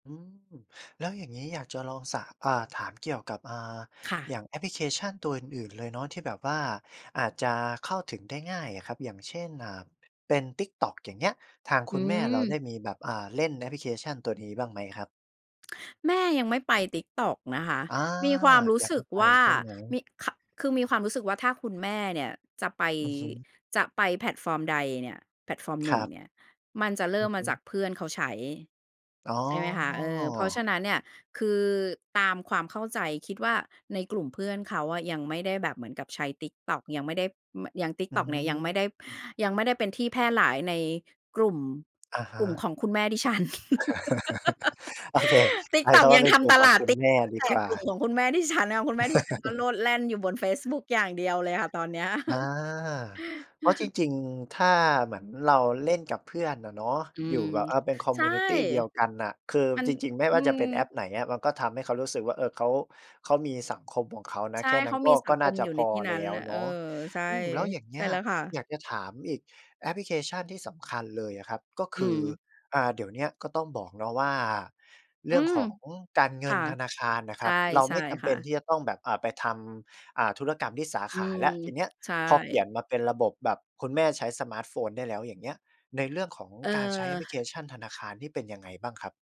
อืม แล้วอย่างงี้อยากจะลองสะ อ่า ถามเกี่ยวกับ อ่า ค่อะ ย่างแอปพลิเคชันตัวอื่น ๆ เลยเนาะ ที่แบบว่าอาจจะเข้าถึงได้ง่ายอะครับ อย่างเช่น อ่า เป็น TikTok อย่างเงี้ย ทางคอืุณแม่เราไม ด้มีแบบ อา เล่นแอปพลิเคชันตัวนี้บ้างไหมครับ? แม่ยังไม่ไป TikTok นะคะ อา มีความรู้อยากสใหึ้กไปว่า ใช่ไหม? มี คะ คือมีความรู้สึกว่าถ้าคุณแม่เนี่ยจะไป อือฮึ จะไปแพลตฟอร์มใดเนี่ย แพลตฟอร์มหคนึ่รงับ เนี่ย มันจะเรอิื่มอมฮาจึ ากเพื่อนเขาใช้ อ๋อ ใช่ไหมคะ เออ เพราะฉะนั้นเนี่ย คือตามความเข้าใจคิดว่า ในกลุ่มเพื่อนเขาอะ ยังไม่ได้แบบเหมือนกับใช้ TikTok ยังไม่ได้ ไม่ ยัง อTikTok เนี่ย ยังไม่ได้ ืม ยังไม่ได้เป็นที่แพร่หลายในกลุ่ม อะฮกลุ่มขะ องคุณแม่ดิฉัน โอเค ใช้คTikTok ำว่ยา ังเป็นทกลุ่ำมตขอลงาคด ุณแม่ดีกว่า ของคุณแม่ดิฉันค่ะ คุณแม่ดิฉันก็โลดแล่นอยู่บนเฟซบุ๊กอย่างเดียวเลยค่ะตอนเนี้ย อา เพราะจริง ๆ ถ้าเหมือนเราเล่นกับเพื่อนอะเนาะ อือยูม ่แบบ อ่า เป็นคอมใชมิ่ วนิตีเดียวกันน่ะ คือมัน จริง ๆ ไม่อวื่าจะม เป็นแอปไหนอะ มันก็ทำให้เขารู้สึกว่า เออ เขา เขามีสังคมของเขานะ ใช่ แค่นเัข้นากม็ ีสกั็งคน่ามจะอยู่ใพนอที่นแัล้น้วน่ะ เเนออ าะ ใช่ อืม แล้ว อย่างเงใชี่้ย แล้วค่ะ อยากจะถามอีกแอปพลิเคชันที่สำคัญเลยอะครับ ก็คอืือ ม อา เดี๋ยวเนี้ยก็ต้องบอกเนาะว่า เรอืื่องม ของการเงคิ่นะ ธนาคารน่ะใคชร่ ับ เราใชไ่ม่จำคเป่็นะ ที่จะต้องแบบ อ่า ไปทำ อ่า ธุรกรรมที่สาอืขาม แล้ว ทีเนี้ยใช่ พอเปลี่ยนมาเป็นระบบแบบคุณแม่ใช้สมาร์ตโฟนได้แล้ว อย่างเงี้ย ในเรื่องของเอการใช้แอปพลิเคอ ชันธนาคารนี่เป็นยังไงบ้างครับ?